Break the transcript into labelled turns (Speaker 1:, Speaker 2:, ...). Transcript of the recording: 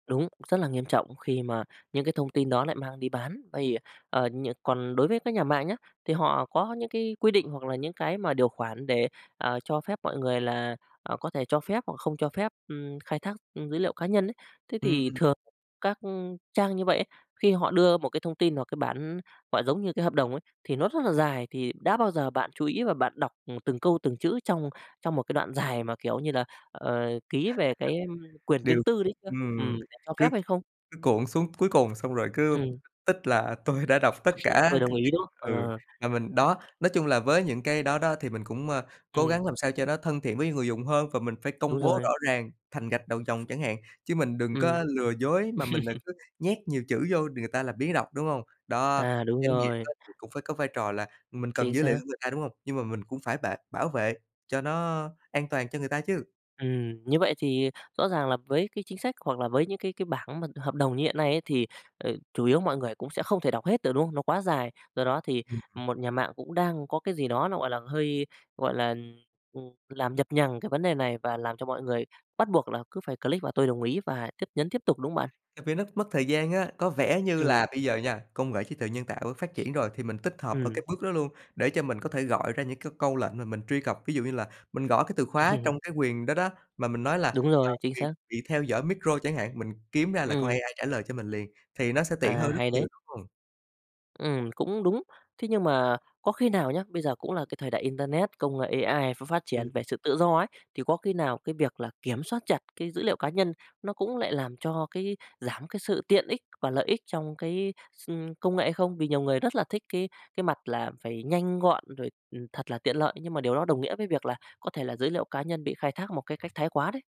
Speaker 1: Đúng, rất là nghiêm trọng khi mà những cái thông tin đó lại mang đi bán, vây, ờ, ờ, nh còn đối với các nhà mạng nhá, thì họ có những cái quy định hoặc là những cái mà điều khoản để, à, cho phép mọi người là, à, có thể cho phép hoặc không cho phép, ưm, khai thác, ừm, dữ liệu cá nhân ấy. Thế thì
Speaker 2: Ừm.
Speaker 1: thường các trang như vậy ấy, khi họ đưa một cái thông tin hoặc cái bản, gọi, giống như cái hợp đồng ấy, thì nó rất là dài thì đã bao giờ bạn chú ý và bạn đọc, ừm, từng câu từng chữ trong trong một cái đoạn dài mà, kiểu như là, ờ, ký về cái quyền riêng
Speaker 2: Đều
Speaker 1: tư đấy chưa? Ừm,
Speaker 2: ừm,
Speaker 1: bạn cho
Speaker 2: cứ
Speaker 1: phép hay không?
Speaker 2: cứ cuộn xuống cuối cùng xong rồi cứ
Speaker 1: Ừm.
Speaker 2: tích là "Tôi đã đọc tất cả
Speaker 1: Tôi
Speaker 2: c"
Speaker 1: đồng
Speaker 2: [unintelligible]
Speaker 1: ý đó,
Speaker 2: ừ,
Speaker 1: ờ.
Speaker 2: và mình đó, nói chung là với những cái đó đó thì mình cũng, ơ, cố
Speaker 1: Ừm.
Speaker 2: gắng làm sao cho nó thân thiện với người dùng hơn và mình phải công
Speaker 1: Đúng
Speaker 2: bố
Speaker 1: rồi.
Speaker 2: rõ ràng thành gạch đầu dòng chẳng hạn, chứ mình đừng
Speaker 1: Ừm.
Speaker 2: có lừa dối mà mình đ cứ nhét nhiều chữ vô đ người ta làm biếng đọc, đúng hông? Đó,
Speaker 1: À, đúng
Speaker 2: doanh nghiệp á
Speaker 1: rồi.
Speaker 2: thì cũng phải có vai trò là mình cần
Speaker 1: Chính
Speaker 2: dữ liệu
Speaker 1: xác.
Speaker 2: của người ta, đúng hông? Nhưng mà mình cũng phải bệ bảo vệ cho nó an toàn cho người ta chứ.
Speaker 1: Ừm, như vậy thì rõ ràng là với cái chính sách hoặc là với những cái cái bảng mà hợp đồng như hiện nay ấy thì, ờ, chủ yếu mọi người cũng sẽ không thể đọc hết được, đúng hông? Nó quá dài, do đó thì
Speaker 2: Ừm.
Speaker 1: một nhà mạng cũng đang có cái gì đó nó, gọi là, hơi, gọi là, ừm, làm nhập nhằng cái vấn đề này và làm cho mọi người bắt buộc là cứ phải click vào "Tôi đồng ý" và chấp nhấn tiếp tục, đúng hông bạn?
Speaker 2: À, vì nó mất thời gian á, có vẻ như
Speaker 1: Ừm.
Speaker 2: là bây giờ nha, công nghệ trí tuệ nhân tạo phát triển rồi, thì mình tích hợp ở cái
Speaker 1: Ừm.
Speaker 2: bước đó luôn để cho mình có thể gọi ra những cái câu lệnh mà mình truy cập. Ví dụ như là mình gõ cái từ khóa
Speaker 1: Ừm.
Speaker 2: trong cái quyền đó đó, mà mình nói là,
Speaker 1: Đúng
Speaker 2: à,
Speaker 1: rồi, chính
Speaker 2: quyền
Speaker 1: xác.
Speaker 2: bị theo dõi micro chẳng hạn, mình kiếm ra là con
Speaker 1: Ừm.
Speaker 2: AI trả lời cho mình liền, thì nó sẽ tiện
Speaker 1: À,
Speaker 2: hơn rất
Speaker 1: hay
Speaker 2: nhiều,
Speaker 1: đấy.
Speaker 2: đúng hông?
Speaker 1: Ừm, cũng đúng. Thế nhưng mà có khi nào nhá, bây giờ cũng là cái thời đại internet, công nghệ AI ph phát triển
Speaker 2: Ừm.
Speaker 1: về sự tự do ấy, thì có khi nào cái việc là kiểm soát chặt cái dữ liệu cá nhân nó cũng lại làm cho cái giảm cái sự tiện ích và lợi ích trong cái s ưm, công nghệ hay không? Vì nhiều người rất là thích cái cái mặt là phải nhanh gọn rồi, ừm, thật là tiện lợi nhưng mà điều đó đồng nghĩa với việc là có thể là giới liệu cá nhân bị khai thác một cái cách thái quá đấy.